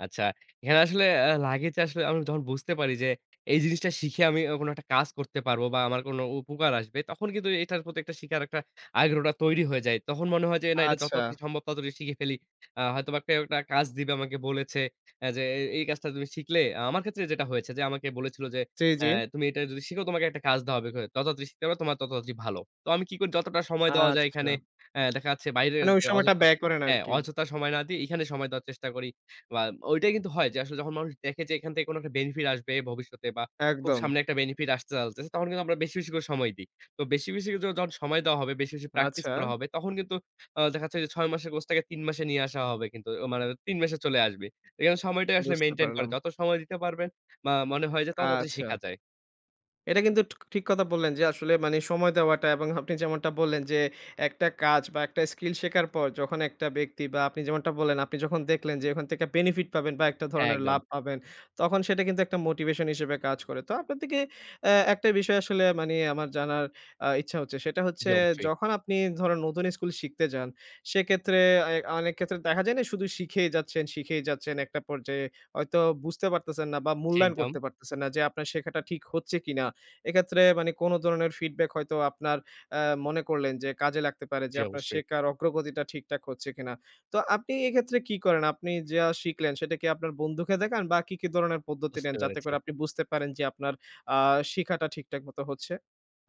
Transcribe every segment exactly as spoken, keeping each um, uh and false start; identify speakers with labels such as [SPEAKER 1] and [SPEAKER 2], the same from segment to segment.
[SPEAKER 1] আচ্ছা। এখানে আসলে আ লাগে যে আসলে আমি যখন বুঝতে পারি যে, এই জিনিসটা শিখে আমি ও কোন একটা কাজ করতে পারব বা আমার কোন উপকার আসবে তখন কিন্তু এটার প্রতি একটা শিখার একটা আগ্রহটা তৈরি হয়ে যায়। তখন মনে হয় যে না এটা যথা
[SPEAKER 2] আচ্ছা।
[SPEAKER 1] তাড়াতাড়ি সম্ভব তত তাড়াতাড়ি শিখে ফেলি। আ হয়তো বা কেউ একটা কাজ দিবে আমাকে বলেছে এ যে এ এই কাজটা তুমি শিখলে আমার ক্ষেত্রে যেটা হয়েছে যে আমাকে বলেছিল যে
[SPEAKER 2] জি, জি।
[SPEAKER 1] অ্যা "তুমি এটা যদি শিখো তোমাকে একটা কাজ দেওয়া হবে [unintelligible] তত তাড়াতাড়ি শিখতে পারো তোমার তত তাড়াতাড়ি ভালো।" তো আমি কি করি যতটা সময় দেওয়া যায়
[SPEAKER 2] আচ্ছা।
[SPEAKER 1] এখানে অ্যা দেখা যাচ্ছে বাইরের
[SPEAKER 2] মানে ওই
[SPEAKER 1] যে
[SPEAKER 2] সময়টা
[SPEAKER 1] অযথা
[SPEAKER 2] ব্যয় করেন
[SPEAKER 1] হ্যাঁ
[SPEAKER 2] আরকি।
[SPEAKER 1] অযথা সময় না দিই। এখানে সময় দেওয়ার চেষ্টা করি। বা ওইটাই কিন্তু হয় যে আসলে যখন মানুষ দেখে যে এখান থেকে কোন একটা বেনিফিট আসবে ভবিষ্যতে বা খুব
[SPEAKER 2] একদম।
[SPEAKER 1] সামনে একটা বেনিফিট আসতে চালতেছে তখন কিন্তু আমরা বেশি, বেশি, করে সময় দিই। তো বেশি, বেশি, ও যখন সময় দেওয়া হবে, বেশি, বেশি, প্র্যাকটিস
[SPEAKER 2] আচ্ছা।
[SPEAKER 1] করা হবে তখন কিন্তু আ দেখা যাচ্ছে যে ছয় মাসের কোর্সটাকে তিন মাসে নিয়ে আসা হবে কিন্তু। অ মানে তিন মাসে চলে আসবে। এইখানে সময়টাই আসলে
[SPEAKER 2] বুঝতে
[SPEAKER 1] মেইনটেইন করে।
[SPEAKER 2] পারলাম।
[SPEAKER 1] যত সময় দিতে পারবেন বা মনে হয় যে ততো তাড়াতাড়ি
[SPEAKER 2] আচ্ছা।
[SPEAKER 1] শিখা যায়।
[SPEAKER 2] এটা কিন্তু ঠ ঠিক কথা বললেন যে আসলে মানি সময় দেওয়াটা এবং আপনি যেমনটা বললেন যে একটা কাজ বা একটা স্কিল শেখার পর যখন একটা ব্যক্তি বা আপনি যেমনটা বললেন আপনি যখন দেখলেন যে ওখান থেকে বেনিফিট পাবেন, বা একটা
[SPEAKER 1] হ্যাঁ
[SPEAKER 2] ধরনের লাভ
[SPEAKER 1] একদম।
[SPEAKER 2] পাবেন তখন সেটা কিন্তু একটা মোটিভেশন হিসেবে কাজ করে। তো আপনার থেকে অ্যা একটা বিষয় আসলে মানি আমার জানার আ ইচ্ছা হচ্ছে। সেটা
[SPEAKER 1] জি
[SPEAKER 2] হচ্ছে
[SPEAKER 1] অবশ্যই।
[SPEAKER 2] যখন আপনি ধরুন নতুন স্কুল শিখতে যান, সেক্ষেত্রে এ অনেক ক্ষেত্রে দেখা যায় না শুধু শিখেই যাচ্ছেন, শিখেই যাচ্ছেন, একটা পর্যায়ে হয়তো বুঝতে পারতেছেন না বা
[SPEAKER 1] জি
[SPEAKER 2] মূল্যায়ন
[SPEAKER 1] একদম।
[SPEAKER 2] করতে পারতেছেন না। যে আপনার শেখাটা ঠিক হচ্ছে কিনা। এক্ষেত্রে মানি কোন ধরনের ফিডব্যাক হয়তো আপনার অ্যা মনে করলেন যে কাজে লাগতে পারে যে
[SPEAKER 1] জি
[SPEAKER 2] আপনার
[SPEAKER 1] অবশ্যই।
[SPEAKER 2] শেখার অগ্রগতিটা ঠিকঠাক হচ্ছে কিনা? তো আপনি এক্ষেত্রে কি করেন? আপনি যা শিখলেন সেটা কি আপনার বন্ধুকে দেখান বা কি, কি, ধরনের পদ্ধতি
[SPEAKER 1] বুঝতে
[SPEAKER 2] নেন যাতে
[SPEAKER 1] পেরেছি।
[SPEAKER 2] করে আপনি বুঝতে পারেন যে আপনার আ শিখাটা ঠিকঠাক মত হচ্ছে?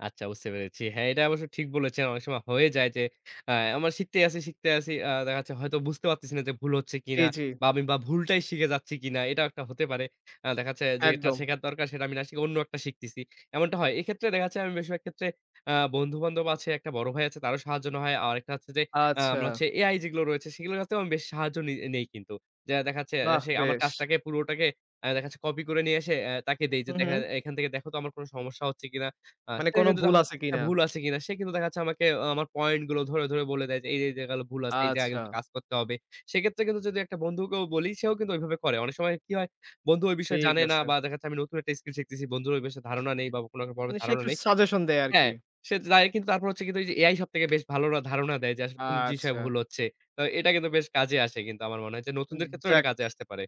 [SPEAKER 1] আচ্ছা বুঝতে পেরেছি। হ্যাঁ এটা অবশ্য ঠিক বলেছেন। অনেক সময় হয়ে যায় যে অ্যা আমার শিখতেই আছি, শিখতে আছি অ্যা দেখা যাচ্ছে হয়তো বুঝতে পারতেছি না যে ভুল হচ্ছে
[SPEAKER 2] জি,
[SPEAKER 1] কিনা
[SPEAKER 2] জি।
[SPEAKER 1] বা আমি বা ভুলটাই শিখে যাচ্ছি কিনা। এটাও একটা হতে পারে। আ দেখা যাচ্ছে যে
[SPEAKER 2] একদম।
[SPEAKER 1] শেখার দরকার সেটা আমি না শিখে অন্য একটা শিখতেছি। এমনটা হয়। এক্ষেত্রে দেখা যাচ্ছে, আমি বেশিরভাগ ক্ষেত্রে আ বন্ধু-বান্ধব আছে, একটা বড় ভাই আছে তারও সাহায্য নেওয়া হয়। আরেকটা হচ্ছে যে আ
[SPEAKER 2] আচ্ছা।
[SPEAKER 1] আমরা হচ্ছে AI যেগুলো রয়েছে সেগুলোর কাছ থেকেও আমি বেশ সাহায্য নে নেই কিন্তু। যে দেখা যাচ্ছে
[SPEAKER 2] বাহ
[SPEAKER 1] সে আমার
[SPEAKER 2] বেশ!
[SPEAKER 1] কাজটাকে পুরোটাকে আ দেখা যাচ্ছে কপি করে নিয়ে এসে অ্যা তাকে দেই যে
[SPEAKER 2] হু,
[SPEAKER 1] দেখা
[SPEAKER 2] হু।
[SPEAKER 1] এখান থেকে দেখো তো আমার কোন সমস্যা হচ্ছে কিনা? আ
[SPEAKER 2] মানে
[SPEAKER 1] সে
[SPEAKER 2] কোন
[SPEAKER 1] কিন্তু
[SPEAKER 2] ভুল
[SPEAKER 1] তখন
[SPEAKER 2] আছে কিনা?
[SPEAKER 1] ভুল আছে কিনা। সে কিন্তু দেখা যাচ্ছে আমাকে আমার পয়েন্ট গুলো ধরে, ধরে, বলে দেয় যে এই যে এই জায়গাল ভুল আছে। এই জায়গাগুলোতে
[SPEAKER 2] আচ্ছা।
[SPEAKER 1] কাজ করতে হবে। সেক্ষেত্রে কিন্তু যদি একটা বন্ধুকেও বলি সেও কিন্তু ঐভাবে করে। অনেক সময় কি হয় বন্ধু ওই বিষয়ে
[SPEAKER 2] ঠিক
[SPEAKER 1] জানে না
[SPEAKER 2] আছে।
[SPEAKER 1] বা দেখা যাচ্ছে আমি নতুন একটা স্কিল শিখতেছি। বন্ধুর ওই বিষয়ে ধারণা নেই বা কোনো একটা [unintelligible]
[SPEAKER 2] মানে সে
[SPEAKER 1] ধারণা
[SPEAKER 2] একটু
[SPEAKER 1] নেই।
[SPEAKER 2] সাজেশন দেয় আরকি।
[SPEAKER 1] হ্যাঁ, সে তো [unintelligible] কিন্তু তারপর কিন্তু হচ্ছে যে AI সবথেকে বেশ ভালোটা ধারণা দেয় যে আসলে কোন জিনিসে
[SPEAKER 2] আচ্ছা।
[SPEAKER 1] ভুল হচ্ছে। তো এটা কিন্তু বেশ কাজে আসে কিন্তু আমার মনে হয় যে
[SPEAKER 2] উ
[SPEAKER 1] নতুনদের ক্ষেত্রেও এটা
[SPEAKER 2] যাক।
[SPEAKER 1] কাজে আসতে পারে।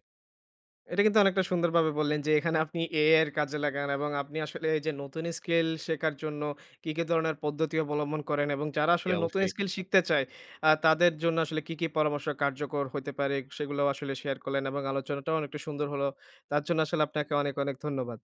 [SPEAKER 2] এটা কিন্তু অনেকটা সুন্দরভাবে বললেন যে এখানে আপনি AI এর কাজে লাগান এবং আপনি আসলে এই যে নতুন স্কিল শেখার জন্য কি, কি, ধরনের পদ্ধতি অবলম্বন করেন এবং যারা
[SPEAKER 1] জি
[SPEAKER 2] আসলে নতুন
[SPEAKER 1] অবশ্যই।
[SPEAKER 2] স্কিল শিখতে চায় আ তাদের জন্য আসলে কী, কী, পরামর্শ কার্যকর হইতে পারে সেগুলোও আসলে শেয়ার করলেন এবং আলোচনাটাও অনেকটা সুন্দর হল। তার জন্য আসলে আপনাকে অনেক, অনেক, ধন্যবাদ।